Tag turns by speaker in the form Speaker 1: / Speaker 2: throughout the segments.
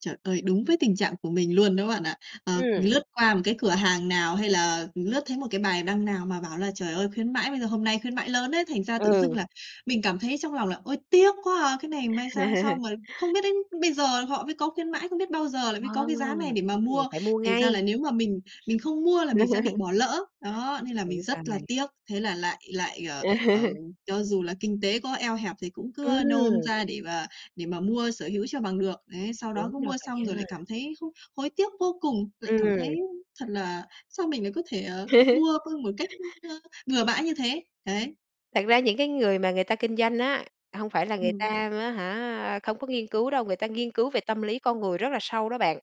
Speaker 1: Trời ơi, đúng với tình trạng của mình luôn đó bạn ạ. Ờ,
Speaker 2: Ừm.
Speaker 1: lướt qua một cái cửa hàng nào hay là lướt thấy một cái bài đăng nào mà bảo là "Trời ơi, khuyến mãi, bây giờ hôm nay khuyến mãi lớn ấy." Thành ra tự dưng
Speaker 2: Ừ.
Speaker 1: là mình cảm thấy trong lòng là "Ôi, tiếc quá à!" cái này may sao xong rồi không biết đến bây giờ họ mới có khuyến mãi, không biết bao giờ là mới có
Speaker 2: Ờ!
Speaker 1: cái giá này để mà
Speaker 2: Đúng rồi,
Speaker 1: mua.
Speaker 2: phải mua
Speaker 1: Thành ra là
Speaker 2: ngay.
Speaker 1: nếu mà mình mình không mua là mình sẽ bị bỏ lỡ. Đó, nên là mình
Speaker 2: Đúng
Speaker 1: rất là
Speaker 2: rồi.
Speaker 1: tiếc. Thế là lại lại, ờ, ờ, cho dù là kinh tế có eo hẹp thì cũng cứ, ơ, nôn
Speaker 2: Ừm.
Speaker 1: ra để mà để mà mua sở hữu cho bằng được. Đấy, sau đó
Speaker 2: Đúng
Speaker 1: cứ
Speaker 2: là
Speaker 1: mua
Speaker 2: vậy
Speaker 1: xong rồi lại
Speaker 2: á.
Speaker 1: cảm thấy không hối tiếc vô cùng, lại cảm
Speaker 2: Ừm.
Speaker 1: thấy thật là sao mình lại có thể, ờ, mua luôn một cách, ưm, ơ, bừa bãi như thế. Đấy.
Speaker 2: Thật ra những cái người mà người ta kinh doanh á, hông phải là người ta
Speaker 1: Ừm.
Speaker 2: á hả, không có nghiên cứu đâu, người ta nghiên cứu về tâm lý con người rất là sâu đó bạn.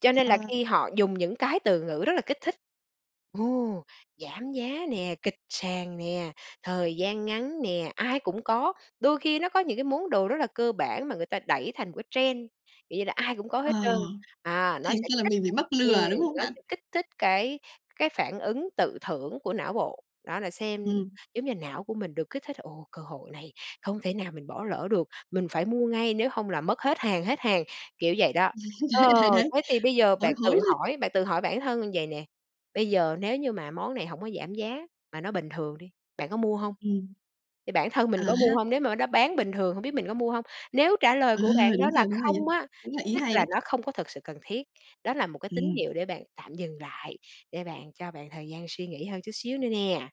Speaker 2: Cho nên là
Speaker 1: Ờ.
Speaker 2: khi họ dùng những cái từ ngữ rất là kích thích, "Ồ! Giảm giá" nè, "kịch sàn" nè, "thời gian ngắn" nè, "ai cũng có", đôi khi nó có những cái món đồ rất là cơ bản mà người ta đẩy thành một cái trend. Kiểu như là, ai cũng có
Speaker 1: Ờ,
Speaker 2: hết trơn, à, nó
Speaker 1: thành
Speaker 2: sẽ
Speaker 1: ra là
Speaker 2: kích
Speaker 1: mình bị
Speaker 2: thích
Speaker 1: mắc
Speaker 2: ừm,
Speaker 1: lừa, đúng không
Speaker 2: nó
Speaker 1: bạn?
Speaker 2: sẽ kích thích cái cái phản ứng tự thưởng của não bộ, đó là xem
Speaker 1: Ừm.
Speaker 2: giống như, não của mình được kích thích "Ồ, cơ hội này không thể nào mình bỏ lỡ được, mình phải mua ngay, nếu hông là mất hết hàng, hết hàng." kiểu vậy đó. Ờ,
Speaker 1: Đấy, đấy, đấy,
Speaker 2: thế thì bây giờ
Speaker 1: hối
Speaker 2: bạn
Speaker 1: hối
Speaker 2: tự
Speaker 1: lên.
Speaker 2: hỏi bạn tự hỏi bản thân như vậy nè, bây giờ nếu như mà món này hổng có giảm giá mà nó bình thường đi, bạn có mua hông?
Speaker 1: Ừm.
Speaker 2: Thì bản thân
Speaker 1: À
Speaker 2: mình có mua
Speaker 1: ha.
Speaker 2: hông? Nếu mà nó bán bình thường hông biết mình có mua hông? Nếu trả lời
Speaker 1: Ờ,
Speaker 2: của bạn đó
Speaker 1: đúng
Speaker 2: là
Speaker 1: rồi, đúng rồi nha,
Speaker 2: "không" á,
Speaker 1: cũng là ý
Speaker 2: tức
Speaker 1: hay
Speaker 2: là
Speaker 1: đấy.
Speaker 2: nó không có thật sự cần thiết. Đó là một cái tín
Speaker 1: Ừm.
Speaker 2: hiệu để bạn tạm dừng lại, để bạn cho bạn thời gian suy nghĩ hơn chút xíu nữa nè.